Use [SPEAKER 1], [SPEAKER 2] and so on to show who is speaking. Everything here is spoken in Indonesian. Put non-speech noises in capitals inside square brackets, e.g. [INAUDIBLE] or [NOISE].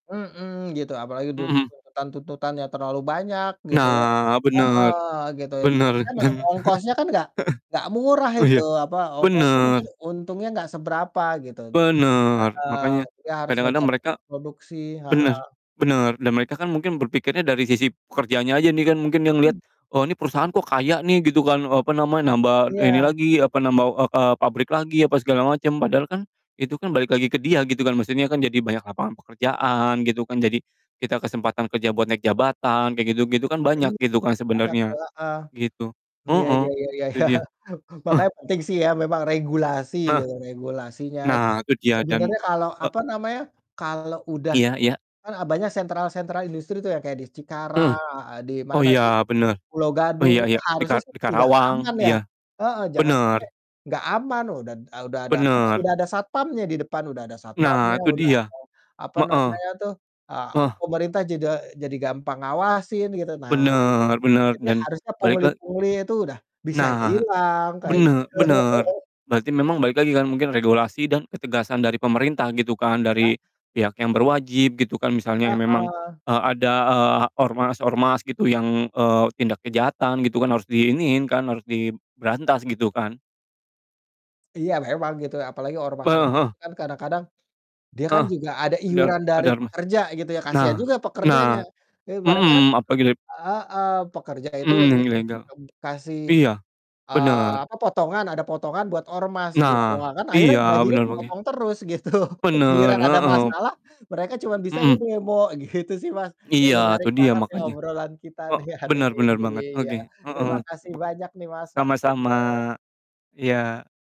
[SPEAKER 1] Mhm, gitu apalagi
[SPEAKER 2] Mhm.
[SPEAKER 1] tuntutan tuntutannya terlalu banyak gitu ya.
[SPEAKER 2] Nah,
[SPEAKER 1] Heeh,
[SPEAKER 2] bener,
[SPEAKER 1] gitu,
[SPEAKER 2] bener,
[SPEAKER 1] jadi kan
[SPEAKER 2] dan
[SPEAKER 1] ya ongkosnya kan nggak nggak
[SPEAKER 2] [CHUCKLES]
[SPEAKER 1] murah
[SPEAKER 2] oh
[SPEAKER 1] itu,
[SPEAKER 2] iya?
[SPEAKER 1] apa, ongkosnya
[SPEAKER 2] Bener.
[SPEAKER 1] mungkin untungnya nggak seberapa gitu t
[SPEAKER 2] Bener,
[SPEAKER 1] heeh,
[SPEAKER 2] makanya
[SPEAKER 1] ya harus
[SPEAKER 2] kadang-kadang
[SPEAKER 1] ngejar
[SPEAKER 2] mereka
[SPEAKER 1] produksi heeh.
[SPEAKER 2] bener bener, dan mereka kan mungkin berpikirnya dari sisi pekerjaannya aja nih kan mungkin yang lihat,
[SPEAKER 1] Hmm.
[SPEAKER 2] "Oh, ini perusahaan kok kaya nih?" Gitu kan, eee, apa namanya, nambah ini
[SPEAKER 1] Iya.
[SPEAKER 2] lagi, apa, nambah, eee eee, pabrik lagi, apa segala macam, padahal kan itu kan balik lagi ke dia gitu kan, maksudnya kan jadi banyak lapangan pekerjaan gitu kan, jadi kita kesempatan kerja buat naik jabatan, kayak gitu gitu kan banyak
[SPEAKER 1] Iya,
[SPEAKER 2] gitu kan
[SPEAKER 1] banget,
[SPEAKER 2] sebenarnya,
[SPEAKER 1] heeh.
[SPEAKER 2] gitu.
[SPEAKER 1] Iya
[SPEAKER 2] Heeh,
[SPEAKER 1] iya, iya
[SPEAKER 2] itu
[SPEAKER 1] iya.
[SPEAKER 2] dia,
[SPEAKER 1] [CHUCKLES]
[SPEAKER 2] ah.
[SPEAKER 1] Makanya penting sih ya memang regulasi
[SPEAKER 2] Heeh.
[SPEAKER 1] gitu, regulasinya, gitu.
[SPEAKER 2] Nah, itu dia, dan
[SPEAKER 1] Sebenarnya kalau,
[SPEAKER 2] e
[SPEAKER 1] apa namanya, kalau udah
[SPEAKER 2] Iya iya.
[SPEAKER 1] kan e banyak sentral-sentral industri tuh yang kayak di
[SPEAKER 2] Heeh.
[SPEAKER 1] Cikarang heeh, di
[SPEAKER 2] Oh
[SPEAKER 1] mana, di
[SPEAKER 2] iya, bener.
[SPEAKER 1] Pulo
[SPEAKER 2] Oh
[SPEAKER 1] Gadung,
[SPEAKER 2] iya
[SPEAKER 1] itu
[SPEAKER 2] iya, di
[SPEAKER 1] harusnya
[SPEAKER 2] kar
[SPEAKER 1] sih
[SPEAKER 2] di
[SPEAKER 1] sudah
[SPEAKER 2] Karawang,
[SPEAKER 1] aman ya.
[SPEAKER 2] iya,
[SPEAKER 1] Heeh, jangan sampai
[SPEAKER 2] bener.
[SPEAKER 1] nggak aman, udah d udah ada apanya,
[SPEAKER 2] Bener.
[SPEAKER 1] udah ada satpamnya di depan, udah ada satpamnya,
[SPEAKER 2] Nah, itu
[SPEAKER 1] udah
[SPEAKER 2] dia.
[SPEAKER 1] ada apa
[SPEAKER 2] Heeh.
[SPEAKER 1] namanya tuh, eee,
[SPEAKER 2] Heeh.
[SPEAKER 1] pemerintah jeda jadi gampang ngawasin gitu. Nah,
[SPEAKER 2] Bener bener
[SPEAKER 1] itu
[SPEAKER 2] dan
[SPEAKER 1] harusnya
[SPEAKER 2] balik la
[SPEAKER 1] pungli-pungli itu udah bisa
[SPEAKER 2] Nah,
[SPEAKER 1] hilang, kayak gitu.
[SPEAKER 2] bene bener,
[SPEAKER 1] [LAUGHS]
[SPEAKER 2] berarti memang balik lagi kan, mungkin regulasi dan ketegasan dari pemerintah gitu kan,
[SPEAKER 1] Iya.
[SPEAKER 2] dari pihak yang berwajib gitu kan misalnya memang,
[SPEAKER 1] Heeh.
[SPEAKER 2] eee, ada, eee, ormas-ormas gitu yang, eee, tindak kejahatan gitu kan harus diiniin kan, harus diberantas, gitu kan?
[SPEAKER 1] Iya, memang gitu ya, apalagi
[SPEAKER 2] Heeh
[SPEAKER 1] ormas-ormas
[SPEAKER 2] heeh.
[SPEAKER 1] tuh kan kadang-kadang dia kan
[SPEAKER 2] Heeh.
[SPEAKER 1] juga ada
[SPEAKER 2] Dar
[SPEAKER 1] iuran dari
[SPEAKER 2] ada ormas
[SPEAKER 1] pekerja gitu ya, kasihan
[SPEAKER 2] nah
[SPEAKER 1] juga pekerjanya.
[SPEAKER 2] nah,
[SPEAKER 1] Duit mereka kan
[SPEAKER 2] mmm, apa gidep
[SPEAKER 1] heeh, pekerja itu
[SPEAKER 2] Mhm, yang
[SPEAKER 1] [UNINTELLIGIBLE]
[SPEAKER 2] ilegal.
[SPEAKER 1] eee, kasih,
[SPEAKER 2] Iya,
[SPEAKER 1] eee,
[SPEAKER 2] bener.
[SPEAKER 1] apa, potongan, ada potongan buat ormas gitu.
[SPEAKER 2] Nah,
[SPEAKER 1] Ah kan akhirnya
[SPEAKER 2] iya,
[SPEAKER 1] gajinya
[SPEAKER 2] bener Bang, ya.
[SPEAKER 1] kepotong terus, gitu.
[SPEAKER 2] Bener,
[SPEAKER 1] Giliran ada
[SPEAKER 2] heeh.
[SPEAKER 1] masalah, mereka cuman bisanya
[SPEAKER 2] Mhm.
[SPEAKER 1] demo, gitu sih, Mas. Ya,
[SPEAKER 2] Iya,
[SPEAKER 1] menarik
[SPEAKER 2] itu dia,
[SPEAKER 1] banget ya,
[SPEAKER 2] makanya.
[SPEAKER 1] obrolan kita
[SPEAKER 2] He
[SPEAKER 1] nih ya hari
[SPEAKER 2] benar benar
[SPEAKER 1] ini,
[SPEAKER 2] banget.
[SPEAKER 1] iya,
[SPEAKER 2] Oke. Heeh.
[SPEAKER 1] terima kasih
[SPEAKER 2] Bek
[SPEAKER 1] banyak nih, Mas,
[SPEAKER 2] sama-sama.
[SPEAKER 1] waktunya.
[SPEAKER 2] Iya.